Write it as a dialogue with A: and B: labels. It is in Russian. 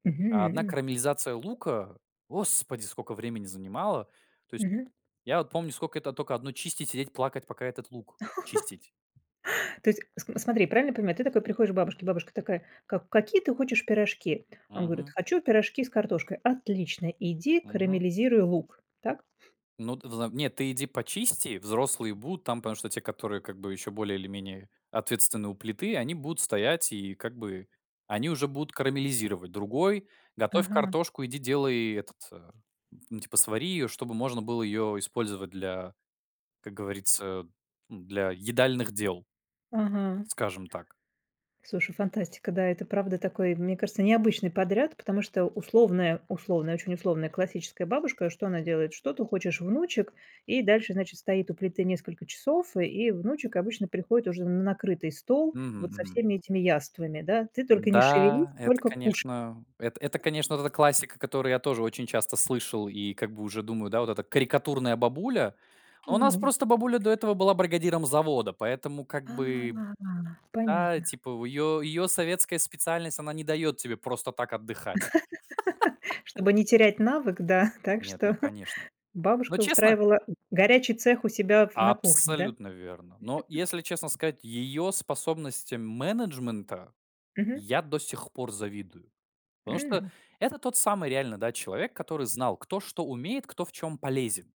A: А одна
B: Мгм.
A: карамелизация лука, господи, скока времени занимала. То есть,
B: Мгм.
A: я вот помню, скока это тока одну чистить, сидеть, плакать, пока этот лук чистить.
B: То есть, см смотри, правильно понимаю, ты такой приходишь к бабушке, бабушка такая: "Как какие ты хочешь пирожки?" Он говорит:
A: Мгм.
B: "Хочу пирожки с картошкой". "Отлично, иди
A: Мгм.
B: карамелизируй лук". Так?
A: Ну, ты взам нет, ты иди почисти, взрослые будут там. Потому что те, которые как бы ещё более или менее ответственны у плиты, они будут стоять и как бы они уже будут карамелизировать. Другой готовь
B: Ага га
A: картошку, иди делай этот, а, н типа свари её, чтобы можно было её использовать для, как говорится, ну, для едальных дел.
B: Ага.
A: Скажем так.
B: Слушай, фантастика, да, это, правда, такой, мне кажется, необычный подряд, потому что условная условная, очень условная классическая бабушка, что она делает: что ты хочешь, внучек, и дальше, значит, стоит у плиты несколько часов, и внучек обычно приходит уже на накрытый стол,
A: Мгм,
B: вот со
A: мгм.
B: всеми этими яствами, да. Ты только не шевелись,
A: Да, это,
B: только кушай.
A: конечно, это это конечно, вот эта классика, которую я тоже очень часто слышал и как бы уже думаю, да, вот эта карикатурная бабуля. А у нас
B: Ну.
A: просто бабуля до этого была бригадиром завода, поэтому как
B: А,
A: бы да,
B: понятно.
A: типа в её её советская специальность, она не даёт тебе просто так отдыхать.
B: Чтобы не терять навык, да, так
A: Нет,
B: что
A: ну, конечно. Ну,
B: бабушка
A: честно?
B: устраивала горячий цех у себя в на кухне, да?
A: Абсолютно верно. Но если честно сказать, её способностям менеджмента
B: Мгм.
A: я до сих пор завидую. Потому что
B: М.
A: это тот самый реально, да, человек, который знал, кто что умеет, кто в чём полезен.